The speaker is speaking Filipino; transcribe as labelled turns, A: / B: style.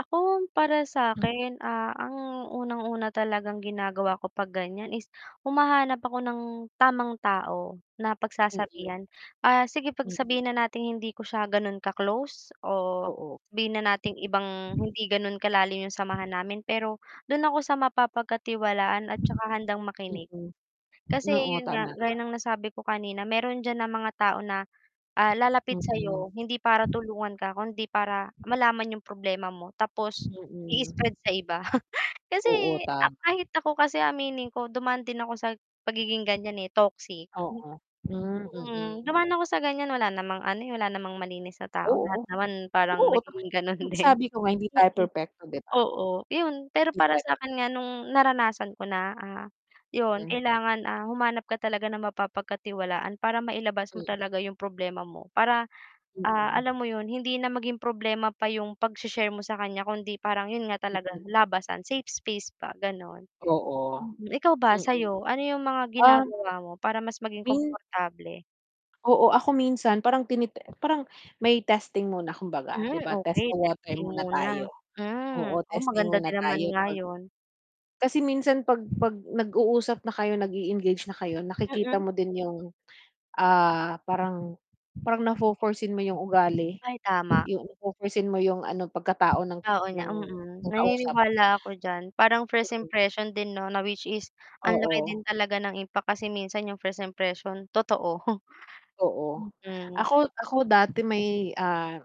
A: Ako para sa akin, ah, ang unang-una talagang ginagawa ko pag ganiyan, is humahanap ako ng tamang tao na
B: [unintelligible]
A: pagsasabihan, ah, sige 'pag
B: Mm.
A: sabihin na nating hindi ko siya gano'n ka-close, o
B: Oo.
A: sabihin na nating ibang hindi ganun kalalim yung samahan namin, pero dun ako sa mapapagkatiwalaan at tsaka handang makinig,
B: Mm,
A: kasi
B: oo,
A: yun nga
B: tama
A: gaya
B: naman.
A: ng nasabi ko kanina meron dyan na mga tao na, ah, lalapit sa
B: Mm.
A: 'yo, hindi para tulungan ka, kundi para malaman yung problema mo, tapos
B: Mm.
A: i-spread sa iba kasi
B: Oo, tama.
A: kahit ako kasi aminin ko, dumaan din ako sa pagiging gan'yan, eh, toxic.
B: Oo, hmm,
A: Mm
B: mm.
A: dumaan ako sa gan'yan wala namang ano, eh, wala namang malinis na tao
B: Oo,
A: lahat naman parang
B: oo
A: nagiging ganon
B: [unintelligible]
A: din.
B: sabi ko nga hindi tayo
A: mm,
B: perpekto, 'di ba?
A: oo yun. Pero para
B: [unintelligible]
A: sakin nga nung naranasan ko na, ah, yun
B: Mm.
A: kailangan, ah, humanap ka talaga ng mapapagkatiwalaan para mailabas mo
B: Hmm
A: talaga yung problema mo para, ah,
B: Mm.
A: alam mo yun, hindi na maging problema pa yung pag-she-share mo sa kan'ya kundi parang yun nga talaga
B: Oo.
A: labasan, safe space pa gano'n.
B: Oo,
A: Mm ikaw ba
B: mm.
A: sa 'yo? Ano yung mga
B: Uhm
A: ginagawa mo para mas maging
B: Min
A: komportable?
B: Oo, ako minsan parang tiniti parang may testing muna kumbaga,
A: Hmm,
B: 'di ba, test
A: okey
B: the water
A: testing
B: muna
A: muna,
B: tayo,
A: hmm.
B: oo,
A: Oo,
B: testing
A: maganda
B: muna
A: din naman
B: tayo,
A: nga
B: 'pag
A: 'yon.
B: kasi minsan 'pag 'pag nag uusap na kayo nag-e-engage na kayo, nakikita
A: Mm.
B: mo din yung, ah, parang parang na fo-for seen mo yung ugali,
A: Ay tama.
B: yung na fo-for seen mo yung ano pagkatao ng
A: Oo nga
B: ng
A: mm,
B: ng kausap.
A: naniniwala ako diyan, parang first
B: Mm.
A: impression din 'no na which is ang laki din
B: Oo.
A: talaga ng impact kasi minsan yung first impression totoo,
B: Oo
A: mm.
B: ako ako dati may, ah.